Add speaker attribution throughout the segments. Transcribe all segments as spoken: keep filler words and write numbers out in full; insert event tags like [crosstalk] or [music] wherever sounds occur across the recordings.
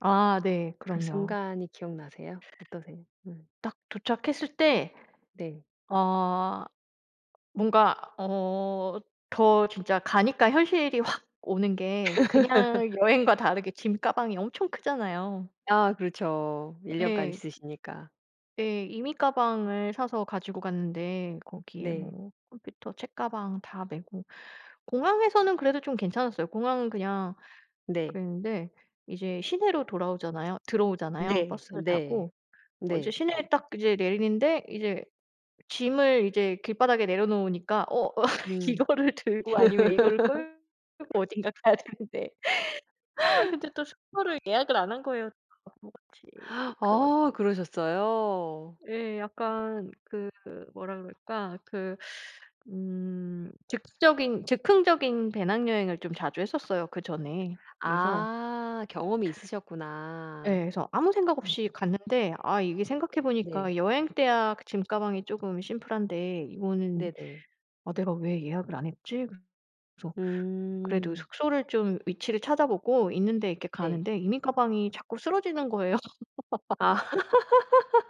Speaker 1: 아. 네.
Speaker 2: 그
Speaker 1: 그럼요.
Speaker 2: 순간이 기억나세요? 어떠세요? 네.
Speaker 1: 딱 도착했을 때
Speaker 2: 네.
Speaker 1: 어. 뭔가 어 더 진짜 가니까 현실이 확 오는 게 그냥
Speaker 2: [laughs]
Speaker 1: 여행과 다르게 짐 가방이 엄청 크잖아요.
Speaker 2: 아. 그렇죠. 일 년 간
Speaker 1: 네.
Speaker 2: 있으시니까.
Speaker 1: 네. 이민 가방을 사서 가지고 갔는데 거기에
Speaker 2: 네.
Speaker 1: 뭐 컴퓨터, 책가방 다 메고 공항에서는 그래도 좀 괜찮았어요. 공항은 그냥
Speaker 2: 네.
Speaker 1: 그랬는데 이제 시내로 돌아오잖아요 들어오잖아요
Speaker 2: 네.
Speaker 1: 버스를
Speaker 2: 네.
Speaker 1: 타고. 어 이제
Speaker 2: 네.
Speaker 1: 시내에 딱 이제 내리는데 이제 짐을 이제 길바닥에 내려놓으니까 어 [laughs]
Speaker 2: 음.
Speaker 1: 이거를 들고 아니면 이거를
Speaker 2: [laughs]
Speaker 1: 끌고 어딘가 가야 되는데 아 근데 또 숙소를 예약을 안 한 거예요. 바보같이. 그래
Speaker 2: 아.
Speaker 1: 가지고
Speaker 2: 그러셨어요?
Speaker 1: 예. 약간 그 뭐라 그럴까? 그 음 즉적인 즉흥적인 배낭여행을 좀 자주 했었어요 그전에. 그래서
Speaker 2: 아. 경험이 있으셨구나.
Speaker 1: 예. 그래서 아무 생각 없이 갔는데 아 이게 생각해
Speaker 2: 네.
Speaker 1: 보니까 여행 때야 그 짐가방이 조금 심플한데 이거는
Speaker 2: 네네.
Speaker 1: "아 내가 왜 예약을 안 했지?" 그래서 그래도
Speaker 2: 음.
Speaker 1: 숙소를 좀 위치를 찾아보고 있는데 이렇게
Speaker 2: 네.
Speaker 1: 가는데 이민가방이 자꾸 쓰러지는 거예요. [laughs]
Speaker 2: 아.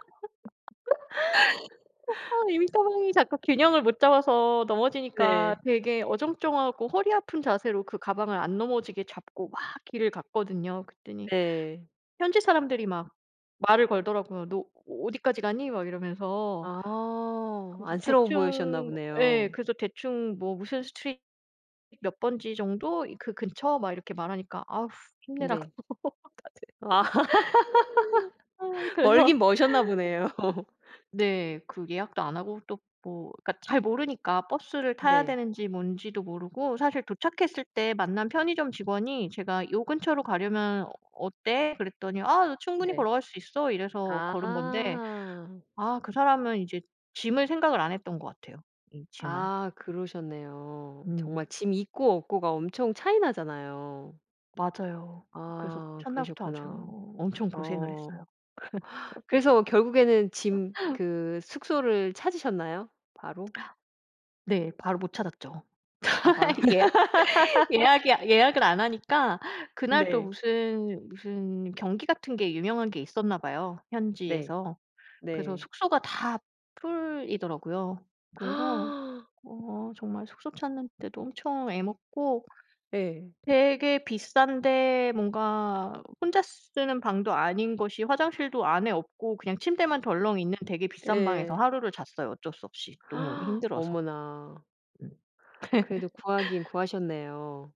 Speaker 1: [laughs] 아 이민가방이 자꾸 균형을 못 잡아서 넘어지니까
Speaker 2: 네.
Speaker 1: 되게 어정쩡하고 허리 아픈 자세로 그 가방을 안 넘어지게 잡고 막 길을 갔거든요. 그랬더니
Speaker 2: 네.
Speaker 1: 현지 사람들이 막 말을 걸더라고요. "너 어 어디까지 가니?" 막 이러면서.
Speaker 2: 아.
Speaker 1: 그래서
Speaker 2: 안쓰러워 보이셨나
Speaker 1: 대충 예
Speaker 2: 보네요.
Speaker 1: 그래서 대충 뭐 무슨 Street, 몇 번지 정도 이 그 근처 막 이렇게 말하니까 "아우 힘내."라고
Speaker 2: 네. 아.
Speaker 1: [laughs] 다들 아우
Speaker 2: [laughs] 멀긴
Speaker 1: 그래서
Speaker 2: 머셨나 보네요.
Speaker 1: 네. 그 예약도 안 하고 또 뭐 그니까 잘 모르니까 버스를 타야
Speaker 2: 네.
Speaker 1: 되는지 뭔지도 모르고 사실 도착했을 때 만난 편의점 직원이 제가 요 근처로 가려면 어 어때? 그랬더니 "아 너 충분히
Speaker 2: 네.
Speaker 1: 걸어갈 수 있어." 이래서
Speaker 2: 아.
Speaker 1: 걸은 건데 아 그 사람은 이제 짐을 생각을 안 했던 것 같아요. 이 짐을.
Speaker 2: 아. 그러셨네요. 정말
Speaker 1: 음.
Speaker 2: 짐 있고 없고가 엄청 차이 나잖아요.
Speaker 1: 맞아요. 그래서
Speaker 2: 아.
Speaker 1: 첫날부터 아주
Speaker 2: 그러셨구나.
Speaker 1: 엄청 고생을
Speaker 2: 어
Speaker 1: 했어요.
Speaker 2: 그래서 결국에는 짐
Speaker 1: [laughs]
Speaker 2: 그 숙소를 찾으셨나요? 바로?
Speaker 1: 네. 바로 못 찾았죠.
Speaker 2: 아 바로
Speaker 1: [laughs] 예 예약이
Speaker 2: [laughs]
Speaker 1: 예약을 안 하니까 그날 또
Speaker 2: 네.
Speaker 1: 무슨 무슨 경기 같은 게 유명한 게 있었나 봐요,
Speaker 2: 네.
Speaker 1: 현지에서. 그래서
Speaker 2: 네.
Speaker 1: 숙소가 다 풀이더라고요. 그래서
Speaker 2: [gasps]
Speaker 1: 어 정말 숙소 찾는데도 엄청 애먹고
Speaker 2: 예.
Speaker 1: 되게 비싼데 뭔가 혼자 쓰는 방도 아닌 것이 화장실도 안에 없고 그냥 침대만 덜렁 있는 되게 비싼 방에서
Speaker 2: 예.
Speaker 1: 하루를 잤어요. 어쩔 수 없이. 너무
Speaker 2: [gasps]
Speaker 1: 힘들어서.
Speaker 2: 어머나. 그래도 구하긴
Speaker 1: [laughs]
Speaker 2: 구하셨네요.